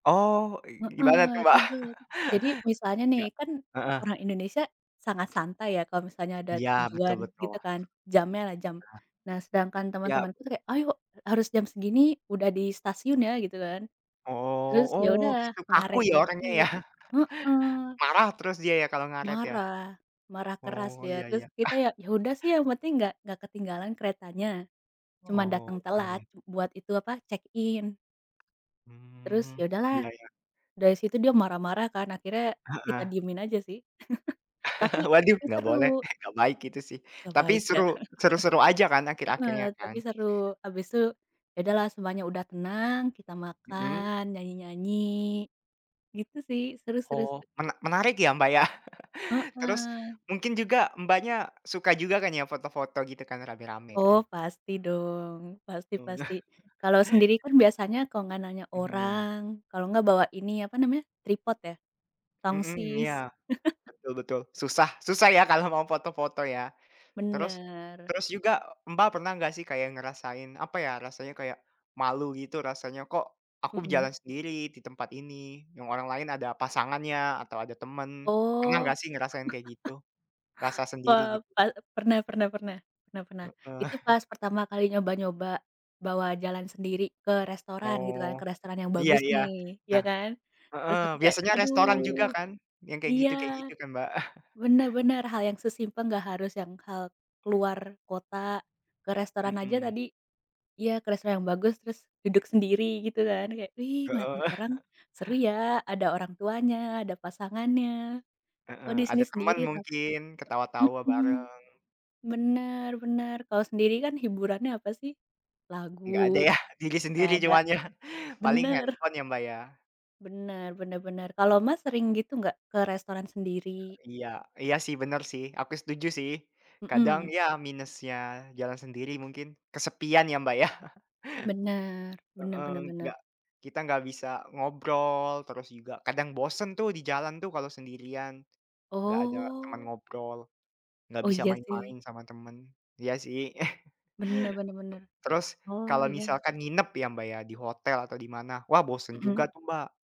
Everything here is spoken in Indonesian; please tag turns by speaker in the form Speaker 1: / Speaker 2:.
Speaker 1: Oh,
Speaker 2: Heeh,
Speaker 1: gimana tuh Mbak?
Speaker 2: ribet. Jadi, misalnya nih,
Speaker 1: Nggak
Speaker 2: kan
Speaker 1: heeh.
Speaker 2: orang Indonesia, sangat santai ya, kalau misalnya ada
Speaker 1: Iya betul
Speaker 2: tujuan,
Speaker 1: betul.
Speaker 2: gitu kan? Jamnya lah. jam.
Speaker 1: Heeh.
Speaker 2: Nah, sedangkan
Speaker 1: Yap.
Speaker 2: teman-temanku tuh kayak, "Ayo, harus jam segini, udah di stasiun ya!" gitu kan.
Speaker 1: Oh
Speaker 2: Terus, ya
Speaker 1: oh
Speaker 2: udah,
Speaker 1: gitu kaku
Speaker 2: ngaret
Speaker 1: ya, orangnya ya?
Speaker 2: dikit. Heeh.
Speaker 1: Marah terus dia ya, kalau ngaret ya?
Speaker 2: Marah. Marah keras
Speaker 1: Oh,
Speaker 2: dia.
Speaker 1: iya
Speaker 2: Terus,
Speaker 1: ya.
Speaker 2: kita ya ya udah sih, yang penting enggak enggak ketinggalan keretanya. Cuma
Speaker 1: Oh,
Speaker 2: datang
Speaker 1: iya iya.
Speaker 2: telat, buat itu, apa, check in. Terus,
Speaker 1: Hmm,
Speaker 2: ya udahlah.
Speaker 1: Iya iya.
Speaker 2: Dari situ dia marah-marah kan, akhirnya kita
Speaker 1: Heeh.
Speaker 2: diamin aja sih. Tapi
Speaker 1: Waduh.
Speaker 2: tapi
Speaker 1: Nggak boleh,
Speaker 2: seru.
Speaker 1: nggak baik itu sih.
Speaker 2: Nggak
Speaker 1: Tapi
Speaker 2: baik ya?
Speaker 1: seru seru-seru aja kan,
Speaker 2: Heeh,
Speaker 1: akhir-akhirnya
Speaker 2: tapi
Speaker 1: kan?
Speaker 2: seru. Habis itu ya udahlah, semuanya udah tenang, kita
Speaker 1: Mhm.
Speaker 2: makan, nyanyi-nyanyi, gitu sih, seru seru
Speaker 1: Oh,
Speaker 2: seru.
Speaker 1: mena menarik ya Mbak, ya. Terus,
Speaker 2: Heeh.
Speaker 1: mungkin juga, Mbaknya, suka juga kan ya foto-foto gitu kan, rame-rame kan?
Speaker 2: Oh, pasti dong. Pasti
Speaker 1: Oh.
Speaker 2: pasti. Kalau sendiri kan, biasanya, kalau enggak nanya
Speaker 1: Mhm.
Speaker 2: orang, kalau enggak bawa ini, apa namanya, tripod ya?
Speaker 1: Mhm,
Speaker 2: Tongsis.
Speaker 1: iya. Betul betul. Susah susah ya, kalau mau foto-foto ya? Terus
Speaker 2: Bener.
Speaker 1: terus juga, Mbak pernah nggak sih kayak, ngerasain apa ya, rasanya kayak, malu gitu rasanya kok, aku
Speaker 2: Mhm.
Speaker 1: jalan sendiri, di tempat ini, yang orang lain ada pasangannya, atau ada temen. Pernah
Speaker 2: Oh.
Speaker 1: nggak sih ngerasain kayak gitu? Rasa
Speaker 2: Pe
Speaker 1: sendiri gitu?
Speaker 2: pa pernah pernah pernah. Pernah pernah.
Speaker 1: Heeh.
Speaker 2: Itu pas pertama kali nyoba-nyoba, bawa jalan sendiri, ke restoran, gitu kan. Ke
Speaker 1: Oh.
Speaker 2: restoran yang
Speaker 1: Iya
Speaker 2: bagus
Speaker 1: iya.
Speaker 2: nih, ya
Speaker 1: Nah
Speaker 2: kan. Terus
Speaker 1: heeh.
Speaker 2: aku kayak,
Speaker 1: Biasanya restoran juga
Speaker 2: aduh!
Speaker 1: kan? Yang kayak
Speaker 2: Iya.
Speaker 1: gitu kayak gitu kan Mbak?
Speaker 2: Bener bener, hal yang sesimpel enggak harus yang hal keluar kota, ke restoran aja
Speaker 1: Mhm.
Speaker 2: tadi iya ke restoran yang bagus, terus duduk sendiri gitu kan. Kayak, ih
Speaker 1: Heeh.
Speaker 2: ngeliatin orang, seru ya! Ada orang tuanya, ada pasangannya. Kok
Speaker 1: Heeh.
Speaker 2: di sini
Speaker 1: Ada temen
Speaker 2: sendiri ta
Speaker 1: mungkin, ketawa-tawa
Speaker 2: Mhm.
Speaker 1: bareng.
Speaker 2: Bener bener. Kalau sendiri kan, hiburannya apa sih?
Speaker 1: Nggak ada
Speaker 2: Lagu,
Speaker 1: ya? Diri
Speaker 2: nggak
Speaker 1: sendiri
Speaker 2: ada.
Speaker 1: cuman ya. Paling
Speaker 2: Bener.
Speaker 1: handphone ya Mbak, ya?
Speaker 2: Bener bener bener. Kalau Mas sering gitu enggak? Ke restoran sendiri?
Speaker 1: Iya. Iya sih, bener sih. Aku setuju sih. Kadang,
Speaker 2: Mhm.
Speaker 1: ya minusnya jalan sendiri mungkin, kesepian ya Mbak ya.
Speaker 2: Bener, bener
Speaker 1: Heeh.
Speaker 2: bener bener.
Speaker 1: Nggak kita nggak bisa ngobrol, terus juga kadang bosen tuh di jalan tuh, kalau sendirian. Nggak ada teman
Speaker 2: Oh.
Speaker 1: ngobrol, nggak
Speaker 2: Oh,
Speaker 1: bisa
Speaker 2: iya sih.
Speaker 1: main-main sama temen. Iya sih.
Speaker 2: Bener bener bener.
Speaker 1: Terus,
Speaker 2: Oh
Speaker 1: kalau
Speaker 2: iya.
Speaker 1: misalkan nginep ya Mbak ya, di hotel atau di mana. Wah, bosen juga
Speaker 2: Mhm.
Speaker 1: tuh Mbak.